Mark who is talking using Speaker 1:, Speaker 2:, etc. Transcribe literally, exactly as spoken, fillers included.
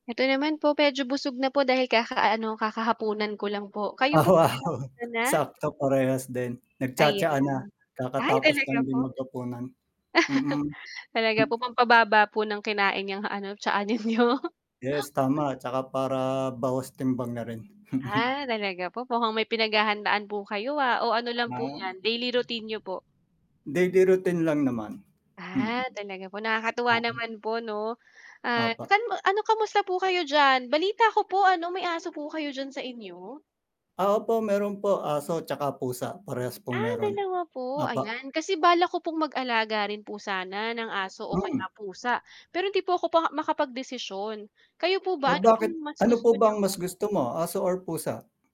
Speaker 1: Ito naman po, medyo busog na po dahil kakaano, kakahapunan ko lang po. Kayo po
Speaker 2: Oo,
Speaker 1: [unintelligible] ka na?
Speaker 2: sakto parehas din,
Speaker 1: Ayan,
Speaker 2: nagtsa-tsaa na,
Speaker 1: ay
Speaker 2: kakatapos lang
Speaker 1: talaga po?
Speaker 2: din maghapunan. Mm, hmm.
Speaker 1: Talaga po pampababa po ng kinain 'yang ano tsaa ninyo?
Speaker 2: Yes tama, tsaka para bawas timbang na rin.
Speaker 1: Ah, talaga po, mukhang may pinaghahandaan po kayo, ah. O, ano lang po
Speaker 2: Mam
Speaker 1: 'yan, daily routine niyo po?
Speaker 2: Daily routine lang naman, mm.
Speaker 1: Ah, talaga po. Nakakatuwa
Speaker 2: [unintelligible]
Speaker 1: naman po 'no. Ah,
Speaker 2: Opo.
Speaker 1: san ano, kamusta po kayo diyan, balita ko po ano may aso po kayo diyan sa inyo?
Speaker 2: Oo po, meron po, aso tsaka pusa, parehas pong
Speaker 1: Ah,
Speaker 2: meron.
Speaker 1: dalawa po.
Speaker 2: Opo.
Speaker 1: Ayan. Kasi balak ko pong mag-alaga rin po sana ng aso o kaya
Speaker 2: Mm.
Speaker 1: pusa, pero hindi po ako pa nga makapagdesisyon. Kayo po
Speaker 2: Oh,
Speaker 1: ba, ano
Speaker 2: bakit
Speaker 1: pong mas
Speaker 2: ano po
Speaker 1: gusto
Speaker 2: bang mas
Speaker 1: niyo?
Speaker 2: gusto mo, aso or pusa?